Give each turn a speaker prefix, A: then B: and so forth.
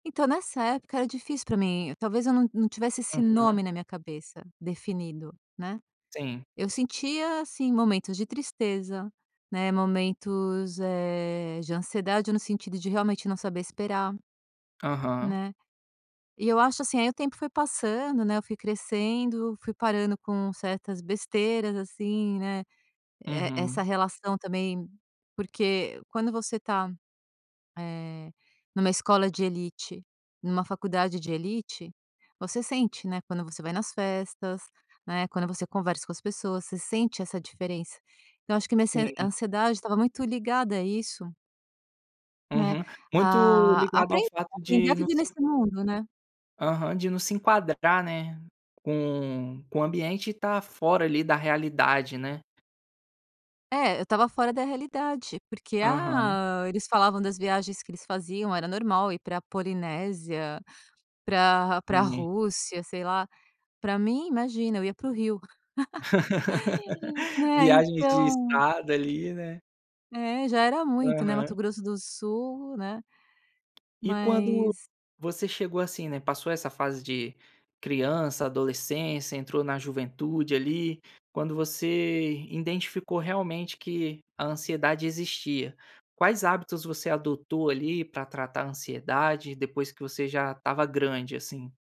A: Então nessa época era difícil para mim, talvez eu não não tivesse esse nome
B: Aham.
A: na minha cabeça definido, né.
B: Sim.
A: Eu sentia, assim, momentos de tristeza, né, momentos, eh, de ansiedade no sentido de realmente não saber esperar,
B: Aham.
A: né. E eu acho, assim, aí o tempo foi passando né, eu fui crescendo, fui parando com certas besteiras, assim, né, e essa
B: Uhum.
A: relação também, porque quando você tá, eh, em uma escola de elite, em uma faculdade de elite, você sente, né, quando você vai nas festas, né, quando você conversa com as pessoas você sente essa diferença, então acho que minha
B: Sim.
A: ansiedade estava muito ligada a isso né.
B: Uhum. Muito
A: A
B: ligado ao
A: aprender
B: fato de
A: a
B: não
A: viver
B: se
A: nesse mundo, né?
B: Aham, de não se enquadrar, né, com com o ambiente e estar fora ali da realidade, né?
A: É eu estava fora da realidade, porque,
B: Aham.
A: ah, eles falavam das viagens que eles faziam era normal ir pra Polinésia, pra pra
B: Sim.
A: Rússia, sei lá, para mim imagina eu ia para o Rio. Né
B: Viagem de
A: então
B: estrada ali né?
A: É já era muito né Mato
B: Aham.
A: Grosso do Sul né?
B: E quando
A: Mas
B: você chegou, assim, né, passou essa fase de criança, adolescência, entrou na juventude ali, quando você identificou realmente que a ansiedade existia. Quais hábitos você adotou, ali, para tratar a ansiedade depois que você já estava grande, assim?